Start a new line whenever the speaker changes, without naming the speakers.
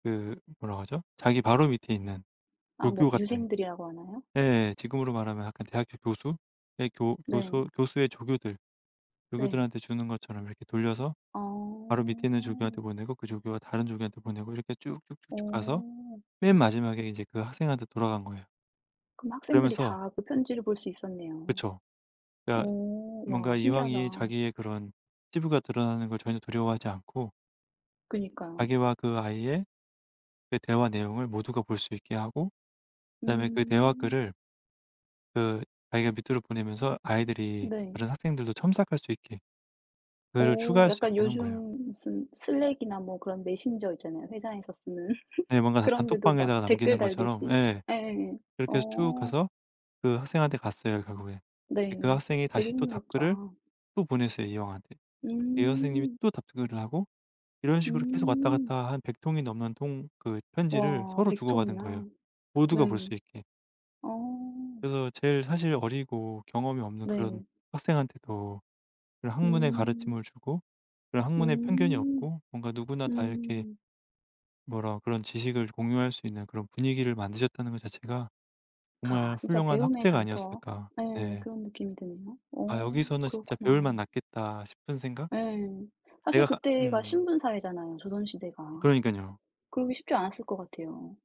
그 뭐라고 하죠? 자기 바로 밑에 있는
아
조교
뭐
같은
유생들이라고 하나요?
예예예. 지금으로 말하면 약간 대학교 교수? 예 교
네.
교수 교수의 조교들.
네.
조교들한테 주는 것처럼 이렇게 돌려서 바로 밑에 있는 조교한테
어.
보내고 그 조교가 다른 조교한테 보내고 이렇게 쭉쭉쭉쭉 가서
어.
맨 마지막에 인제 그 학생한테 돌아간 거예요.
그럼 학생들이
그러면서
다 그 편지를 볼 수 있었네요.
그쵸. 그니까
오. 와
뭔가
신기하다.
이황이 자기의 그런 치부가 드러나는 걸 전혀 두려워하지 않고
그니까요.
자기와 그 아이의 그 대화 내용을 모두가 볼 수 있게 하고 그다음에 그 대화
음.
글을 그 자기가 밑으로 보내면서 아이들이
네.
다른 학생들도 첨삭할 수 있게 그거를
어.
추가할 수 있게
약간
해 놓은 거예요.
요즘 무슨 슬랙이나 뭐 그런 메신저 있잖아요 회사에서 쓰는.
네. 뭔가 단
그런 데도 막
단톡방에다가
댓글
남기는 것처럼
달듯이.
예.
예예예.
그렇게 해서 쭉
어.
가서 그 학생한테 갔어요 결국에.
네.
그러니까 학생이
되게
다시 또
흥미롭다.
답글을 또 보냈어요 이황한테. 이어서 선생님이
음.
또 답글을 하고 이런 식으로 계속 왔다
음.
갔다 한 100 통이 넘는 통 그 편지를
와
서로
100
주고받은
통이나.
거예요.
네.
모두가 볼 수 있게.
어.
그래서 제일 사실 어리고 경험이 없는 그런
네.
학생한테도 그런 학문의
음.
가르침을 주고 그런 학문에 편견이
음.
없고 뭔가 누구나 다 이렇게
음.
뭐라 그런 지식을 공유할 수 있는 그런 분위기를 만드셨다는 것 자체가
아.
정말
진짜
훌륭한
배움의
학자가
장터.
아니었을까.
예.
네.
그런 느낌이 드네요.
'아
어.
여기서는 진짜 배울 맛
그렇구나.
났겠다.' 싶은 생각?
예. 사실
내가 가
그때가
음.
신분 사회잖아요 조선 시대가.
그러니깐요.
그러기 쉽지 않았을 것 같아요.